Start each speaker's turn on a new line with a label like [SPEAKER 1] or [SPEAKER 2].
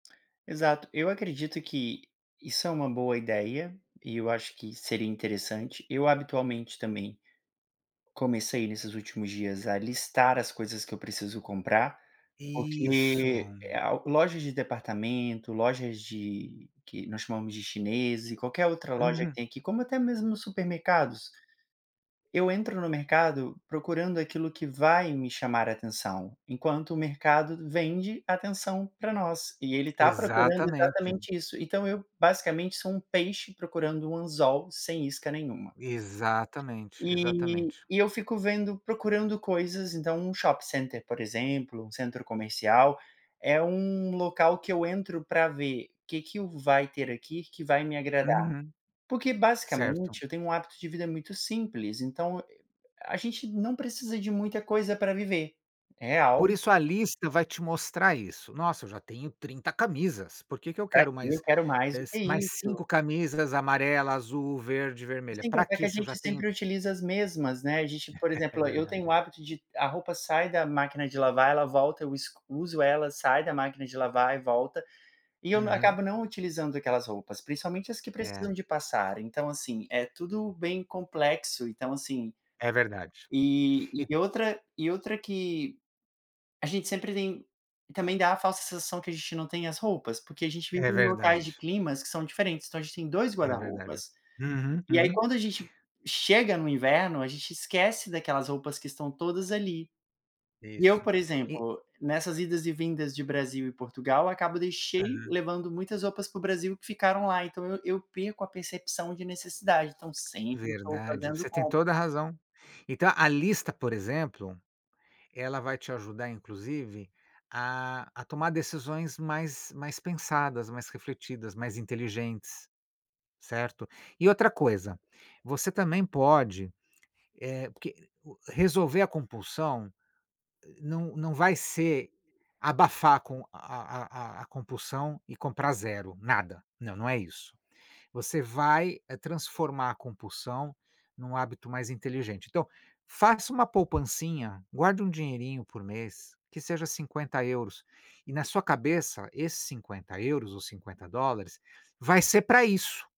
[SPEAKER 1] Exato, eu acredito que isso é uma boa ideia, e eu acho que seria interessante, eu habitualmente também comecei nesses últimos dias a listar as coisas que eu preciso comprar,
[SPEAKER 2] Isso.
[SPEAKER 1] porque a loja de departamento, lojas de que nós chamamos de chineses e qualquer outra loja que
[SPEAKER 2] Uhum.
[SPEAKER 1] tem aqui, como até mesmo supermercados. Eu entro no mercado procurando aquilo que vai me chamar atenção, enquanto o mercado vende atenção para nós, e ele está procurando
[SPEAKER 2] Exatamente.
[SPEAKER 1] exatamente isso. Então eu basicamente sou um peixe procurando um anzol sem isca nenhuma.
[SPEAKER 2] Exatamente,
[SPEAKER 1] Eh,
[SPEAKER 2] exatamente.
[SPEAKER 1] e eu fico vendo, procurando coisas, então um shopping center, por exemplo, um centro comercial, é um local que eu entro para ver que que o vai ter aqui que vai me agradar.
[SPEAKER 2] Uhum.
[SPEAKER 1] Porque,
[SPEAKER 2] Certo.
[SPEAKER 1] basicamente, eu tenho um hábito de vida muito simples então e a a gente não precisa de muita coisa para viver.
[SPEAKER 2] Por
[SPEAKER 1] Real
[SPEAKER 2] isso a lista vai te mostrar isso. Nossa, eu já tenho 30 camisas. Por que que eu
[SPEAKER 1] Pra
[SPEAKER 2] quero
[SPEAKER 1] quê eu
[SPEAKER 2] mais,
[SPEAKER 1] quero mais
[SPEAKER 2] eh,
[SPEAKER 1] do que
[SPEAKER 2] mais
[SPEAKER 1] isso.
[SPEAKER 2] 5 camisas amarela, azul, verde,
[SPEAKER 1] E
[SPEAKER 2] vermelha.
[SPEAKER 1] sem
[SPEAKER 2] Para
[SPEAKER 1] contar que
[SPEAKER 2] quê
[SPEAKER 1] a
[SPEAKER 2] se eu já
[SPEAKER 1] gente
[SPEAKER 2] tenho
[SPEAKER 1] sempre utiliza as mesmas, né, a gente, por
[SPEAKER 2] É
[SPEAKER 1] exemplo, eu tenho o
[SPEAKER 2] verdade.
[SPEAKER 1] hábito de, a roupa sai da máquina de lavar, ela volta, eu es uso ela, sai da máquina de lavar e volta. E eu n
[SPEAKER 2] Uhum.
[SPEAKER 1] acabo não utilizando aquelas roupas, principalmente as que
[SPEAKER 2] É.
[SPEAKER 1] precisam de passar. Então, assim, é tudo bem complexo, então assim
[SPEAKER 2] É verdade.
[SPEAKER 1] E
[SPEAKER 2] E
[SPEAKER 1] e outra e outra que, a gente sempre tem e também dá a falsa sensação que a gente não tem as roupas, porque a gente vem
[SPEAKER 2] É
[SPEAKER 1] com locais de
[SPEAKER 2] verdade.
[SPEAKER 1] climas que são diferentes, então a gente tem 2
[SPEAKER 2] É
[SPEAKER 1] guarda
[SPEAKER 2] verdade.
[SPEAKER 1] roupas.
[SPEAKER 2] Uhum,
[SPEAKER 1] E aí,
[SPEAKER 2] uhum.
[SPEAKER 1] quando a gente chega no inverno, a gente esquece daquelas roupas que estão todas ali. E eu,
[SPEAKER 2] Isso,
[SPEAKER 1] por
[SPEAKER 2] e
[SPEAKER 1] exemplo, nessas idas e vindas de Brasil e Portugal, acabo deixei
[SPEAKER 2] Uhum.
[SPEAKER 1] levando muitas roupas para o Brasil que ficaram lá, então eu eu perco a percepção de necessidade, então sempre estou
[SPEAKER 2] Verdade,
[SPEAKER 1] fazendo
[SPEAKER 2] você tem
[SPEAKER 1] compra.
[SPEAKER 2] toda a razão. Então a lista, por exemplo, ela vai te ajudar inclusive a a tomar decisões mais mais pensadas, mais refletidas, mais inteligentes, certo. E outra coisa, você também pode eh porque resolver a compulsão não não vai ser abafar com a a a a compulsão e comprar 0. Nada. Não, não é isso. Você vai, eh, transformar a compulsão num hábito mais inteligente. Então faça uma poupancinha, guarde um dinheirinho por mês, que seja 50€ e na sua cabeça esses 50€ ou $50 vai ser para isso.